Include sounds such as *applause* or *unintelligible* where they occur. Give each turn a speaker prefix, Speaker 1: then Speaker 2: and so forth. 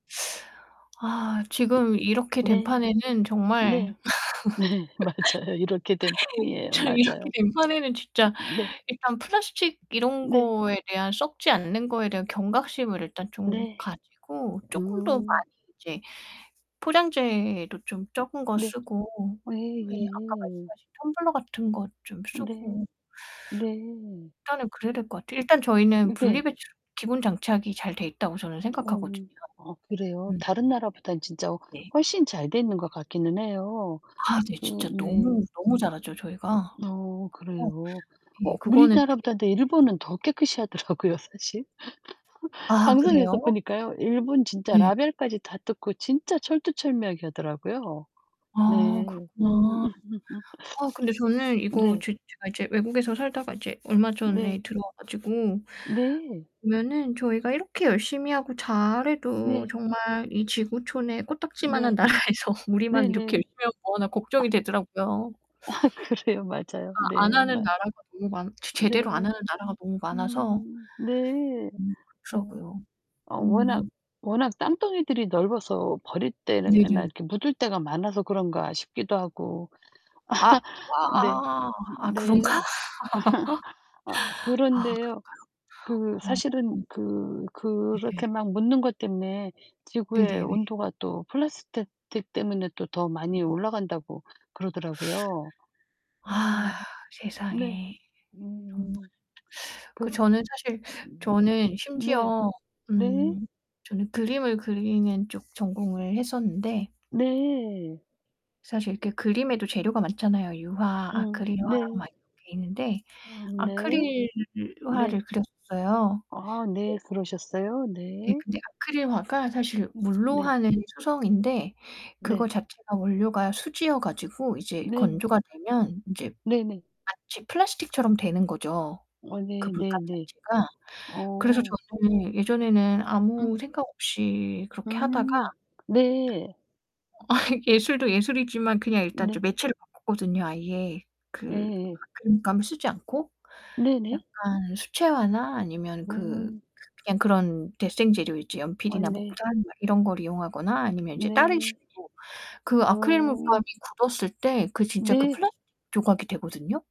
Speaker 1: *sucks teeth* 아 지금 이렇게 된
Speaker 2: 네.
Speaker 1: 판에는 정말
Speaker 2: 네. 네 맞아요. 이렇게 된
Speaker 1: *laughs*
Speaker 2: 판이에요.
Speaker 1: 저
Speaker 2: 맞아요.
Speaker 1: 이렇게 된 판에는 진짜
Speaker 2: 음 네.
Speaker 1: 일단 플라스틱 이런
Speaker 2: 네.
Speaker 1: 거에 대한 썩지 않는 거에 대한 경각심을 일단 좀
Speaker 2: 네.
Speaker 1: 가지고 쪼끔 더 많이
Speaker 2: 음.
Speaker 1: 이제 포장재도 좀
Speaker 2: 음
Speaker 1: 적은 거
Speaker 2: 네.
Speaker 1: 쓰고
Speaker 2: 예
Speaker 1: 네 아까
Speaker 2: 예.
Speaker 1: 말씀하신 텀블러 같은 거 좀
Speaker 2: 네.
Speaker 1: 쓰고
Speaker 2: 네.
Speaker 1: 일단은 그래야 될 것 같아요. 일단 저희는 분리
Speaker 2: 네.
Speaker 1: 배출 기본 장착이 잘 돼 있다고 저는 생각하거든요.
Speaker 2: 어. 아 그래요?
Speaker 1: 음.
Speaker 2: 다른 나라보단 진짜
Speaker 1: 네.
Speaker 2: 훨씬 잘 돼 있는 것 같기는 해요.
Speaker 1: 아 네.
Speaker 2: 그
Speaker 1: 진짜 너무
Speaker 2: 네.
Speaker 1: 너무 잘하죠 저희가.
Speaker 2: 어
Speaker 1: 그래서
Speaker 2: 그래요. 어
Speaker 1: 이 그거는
Speaker 2: 우리나라보다
Speaker 1: *unintelligible*
Speaker 2: 근데 일본은 더 깨끗이 하더라고요 사실.
Speaker 1: 아
Speaker 2: 방송에서
Speaker 1: 그래요?
Speaker 2: 보니까요. 일본 진짜
Speaker 1: 네.
Speaker 2: 라벨까지 다 뜯고 진짜 철두철미하게 하더라고요.
Speaker 1: 아
Speaker 2: 네. 음.
Speaker 1: 그렇구나. 아 근데
Speaker 2: *laughs*
Speaker 1: 저는 이거
Speaker 2: 네.
Speaker 1: 지금 제가 이제 외국에서 살다가 이제 얼마 전에
Speaker 2: 네.
Speaker 1: 들어와 가지고
Speaker 2: 네.
Speaker 1: 보면은 저희가 이렇게 열심히 하고 잘 해도
Speaker 2: 네.
Speaker 1: 정말 이 지구촌에 코딱지만한
Speaker 2: 네.
Speaker 1: 나라에서 우리만 이렇게
Speaker 2: 네네.
Speaker 1: 열심히 하면 뭐하나 걱정이 되더라고요.
Speaker 2: 아 그래요. 맞아요.
Speaker 1: 아.
Speaker 2: 네
Speaker 1: 안 하는
Speaker 2: 맞
Speaker 1: 나라가 너무 많 제 제대로 안
Speaker 2: 네.
Speaker 1: 하는 나라가 너무 많아서
Speaker 2: 음. 네.
Speaker 1: 음
Speaker 2: 어.
Speaker 1: 그렇더라고요.
Speaker 2: 어 워낙
Speaker 1: 음.
Speaker 2: 워낙 땅 덩이들이 넓어서 버릴 때나
Speaker 1: 네네.
Speaker 2: 이렇게 묻을 때가 많아서 그런가 싶기도 하고.
Speaker 1: 아.
Speaker 2: *laughs* 네.
Speaker 1: 아아. 아
Speaker 2: 네.
Speaker 1: 그런가?
Speaker 2: *laughs* 아
Speaker 1: *laughs* 아
Speaker 2: 그런데요. 그
Speaker 1: 그런가요?
Speaker 2: 사실은
Speaker 1: 어.
Speaker 2: 그
Speaker 1: 네네.
Speaker 2: 그렇게 막 묻는 것 때문에 지구의
Speaker 1: 네네네.
Speaker 2: 온도가 또 플라스택 틱 때문에 또 더
Speaker 1: 음.
Speaker 2: 많이 올라간다고 그러더라고요.
Speaker 1: 아
Speaker 2: 음. 네.
Speaker 1: 세상에. 정말.
Speaker 2: 음. 그
Speaker 1: 그 저는 사실 저는
Speaker 2: 네.
Speaker 1: 심지어
Speaker 2: 네.
Speaker 1: 음 저는 그림을 그리는 쪽 전공을 했었는데
Speaker 2: 네.
Speaker 1: 사실 이렇게 그림에도 재료가 많잖아요. 유화,
Speaker 2: 음
Speaker 1: 아크릴화
Speaker 2: 네.
Speaker 1: 막 이렇게 있는데
Speaker 2: 아 네.
Speaker 1: 아크릴화를
Speaker 2: 네.
Speaker 1: 그렸어요.
Speaker 2: 아 네.
Speaker 1: 네.
Speaker 2: 그러셨어요?
Speaker 1: 네.
Speaker 2: 네.
Speaker 1: 근데 아크릴화가 사실 물로
Speaker 2: 네.
Speaker 1: 하는 수성인데 그거
Speaker 2: 네.
Speaker 1: 자체가 원료가 수지여 가지고 이제
Speaker 2: 네네.
Speaker 1: 건조가 되면 이제
Speaker 2: 네네.
Speaker 1: 마치 플라스틱처럼 되는 거죠
Speaker 2: 아
Speaker 1: 그
Speaker 2: 네
Speaker 1: 물감
Speaker 2: 네네.
Speaker 1: 자체가. 그래서
Speaker 2: 어.
Speaker 1: 저도 예전에는
Speaker 2: 음.
Speaker 1: 아무 생각 없이 그렇게 하다가
Speaker 2: 음. 네.
Speaker 1: 아 예술도 예술이지만 그냥 일단 좀
Speaker 2: 네.
Speaker 1: 매체로 바꿨거든요 아예. 그
Speaker 2: 예예.
Speaker 1: 그 물감을 쓰지 않고
Speaker 2: 네네.
Speaker 1: 약간 수채화나 아니면 그
Speaker 2: 음.
Speaker 1: 그냥 그런 데생 재료 있죠.
Speaker 2: 아
Speaker 1: 연필이나
Speaker 2: 네.
Speaker 1: 목탄 이런 걸 이용하거나 아니면 이제 다른
Speaker 2: 네.
Speaker 1: 식으로 그 아크릴
Speaker 2: 음.
Speaker 1: 물감이 굳었을 때 그 진짜 그
Speaker 2: 네.
Speaker 1: 플라스틱 조각이 되거든요.